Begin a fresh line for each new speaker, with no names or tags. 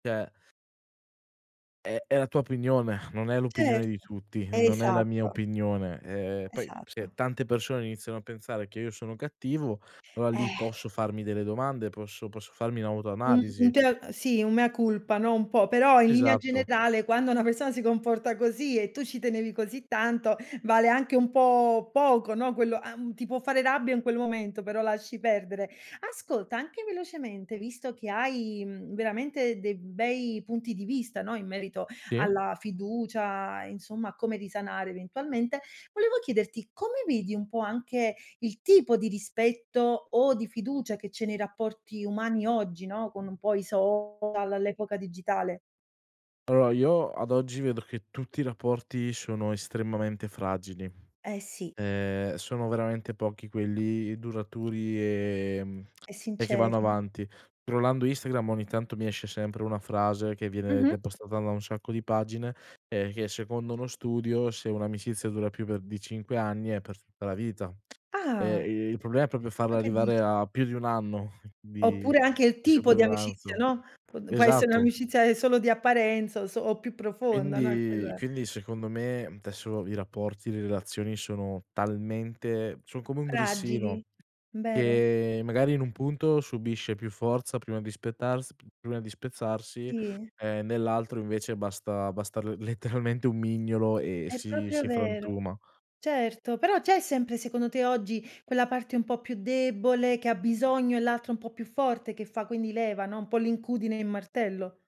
Cioè è è la tua opinione, non è l'opinione di
Certo,
tutti, non è la mia
esatto.
opinione. Eh, poi se
Esatto.
tante persone iniziano a pensare che io sono cattivo, allora lì
Eh.
posso farmi delle domande, posso posso farmi
Un un
un'autoanalisi.
te l sì, un mea culpa, no, un po', però in linea
Esatto.
generale quando una persona si comporta così e tu ci tenevi così tanto, vale anche un po' poco, no, quello an ti può fare rabbia in quel momento, però lasci perdere. Ascolta, anche velocemente, visto che hai, mhmm, veramente dei bei punti di vista, no, in merito
Sì.
alla fiducia, insomma, a come risanare eventualmente, volevo chiederti come vedi un po' anche il tipo di rispetto o di fiducia che c'è nei rapporti umani oggi, no, con un po' i social, all'epoca digitale?
Allora io ad oggi vedo che tutti i rapporti sono estremamente fragili.
Eh, sì.
Ehm, sono veramente pochi quelli duraturi, ehm,
È
e che vanno
sincera.
avanti. scrollando Instagram ogni tanto mi esce sempre una frase che viene de
Mh-mh.
postata da un sacco di pagine e che secondo uno studio se un'amicizia dura più per di 5 anni è per tutta la vita.
Ah.
Eh, il problema è proprio
Tu
farla
che
arrivare
dici?
a più di 1 anno di
Oppure anche il
di
tipo di amicizia,
sopravvivenza.
no, p può essere
Esatto.
un'amicizia solo di apparenza o so più profonda, no, è
Quindi
quello è.
quindi secondo me desso i rapporti, le relazioni sono talmente son come un
Fragili,
grissino
vero.
che magari in un punto subisce più forza prima di spettars prima di spezzarsi
Sì.
e nell'altro invece basta basta l letteralmente un mignolo e
È
si
proprio
si
vero,
frantuma.
certo, però c'è sempre, secondo te, oggi quella parte un po' più debole che ha bisogno e l'altra un po' più forte che fa quindi leva, no? Un po' l'incudine e in martello?